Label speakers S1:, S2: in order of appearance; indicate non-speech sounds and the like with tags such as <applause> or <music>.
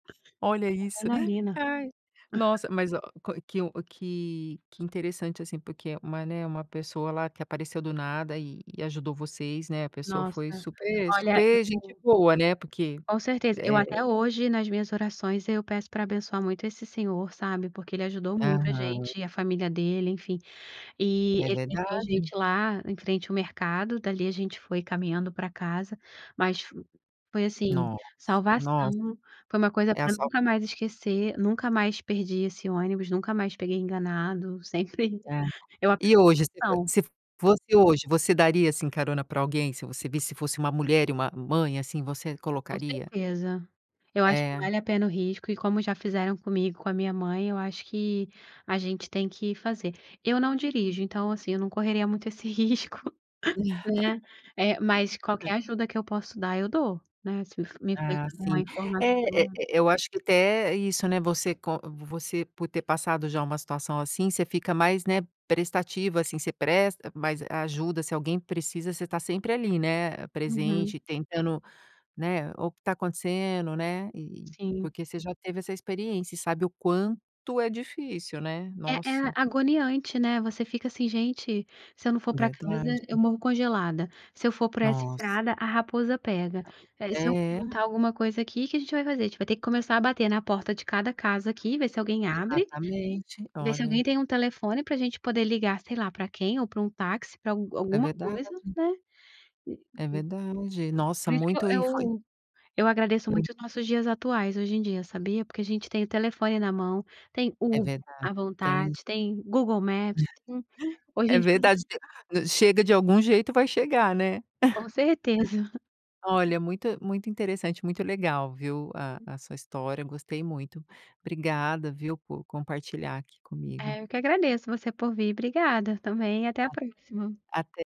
S1: Olha isso.
S2: Adrenalina.
S1: Ai,
S2: <chuckles>
S1: nossa, mas ó qual que um que que interessante, assim, porque é uma, né, uma pessoa, lá, que apareceu do nada e e ajudou vocês, né? A pessoa foi
S2: Nossa,
S1: super
S2: olha
S1: super gente
S2: <unintelligible>
S1: boa, né, porque,
S2: Com certeza, eu,
S1: eh
S2: até hoje nas minhas orações, eu peço para abençoar muito esse senhor, sabe, porque ele ajudou muito a
S1: Aham.
S2: gente, e a família dele, enfim. E
S1: É
S2: ele deixou a
S1: verdade.
S2: gente lá em frente o mercado. Dali, a gente foi caminhando para casa. Mas foi, assim,
S1: Nossa, nossa.
S2: salvação. Foi uma coisa
S1: É a
S2: para
S1: sal
S2: nunca mais esquecer, nunca mais perdi esse ônibus, nunca mais peguei enganado, sempre
S1: É.
S2: Eu aprendi
S1: E hoje, se
S2: a
S1: fos
S2: lição.
S1: se fosse hoje, você daria, assim, carona para alguém, se você visse fosse uma mulher e uma mãe, assim, você
S2: Com
S1: colocaria?
S2: certeza, eu acho que
S1: É.
S2: vale a pena o risco, e como já fizeram comigo, com a minha mãe, eu acho que a gente tem que fazer. Eu não dirijo, então, assim, eu não correria muito esse risco, né, eh, mas
S1: <laughs>
S2: qualquer ajuda que eu posso dar, eu dou, né, se
S1: Ah, sim.
S2: <unintelligible> informação.
S1: E E eu acho que até isso, né, você com você por ter passado já uma situação assim, você fica mais, né, prestativa, assim. Você presta mais ajuda. Se alguém precisa, você tá sempre ali, né,
S2: Uhum.
S1: presente, tentando, né, o que está acontecendo, né? E
S2: Sim.
S1: porque você já teve essa experiência e sabe o quanto é difícil, né?
S2: É é
S1: Nossa.
S2: agoniante, né? Você fica assim: "Gente, se eu não for para casa eu
S1: Verdade.
S2: morro congelada"; "Se eu for por essa
S1: Nossa!
S2: estrada, a raposa pega". Aí, se eu
S1: É.
S2: perguntar alguma coisa aqui, que que a gente vai fazer? A gente vai ter que começar a bater na porta de cada casa aqui, ver se alguém abre,
S1: Exatamente,
S2: ver se
S1: olha.
S2: alguém tem um telefone para gente poder ligar sei lá para quem ou para um táxi, para al
S1: É
S2: alguma
S1: verdade.
S2: coisa, né? Por isso
S1: É verdade.
S2: por
S1: Nossa,
S2: isso que
S1: muito e foi
S2: eu eu agradeço muito os nossos dias atuais hoje em dia, sabia? Porque a gente tem o telefone na mão, tem
S1: É
S2: o
S1: verdade,
S2: à
S1: tem isso.
S2: vontade, tem Google Maps, tem
S1: <laughs>
S2: hoje em
S1: É
S2: dia
S1: verdade. Chega de algum jeito, vai chegar, né?
S2: Com
S1: <chuckles>
S2: certeza.
S1: Olha, muito muito interessante, muito legal, viu, a a sua história. Gostei muito. Obrigada, viu, por compartilhar aqui comigo.
S2: Eu que agradeço você por vir. Obrigada também e até a
S1: A
S2: próxima.
S1: até!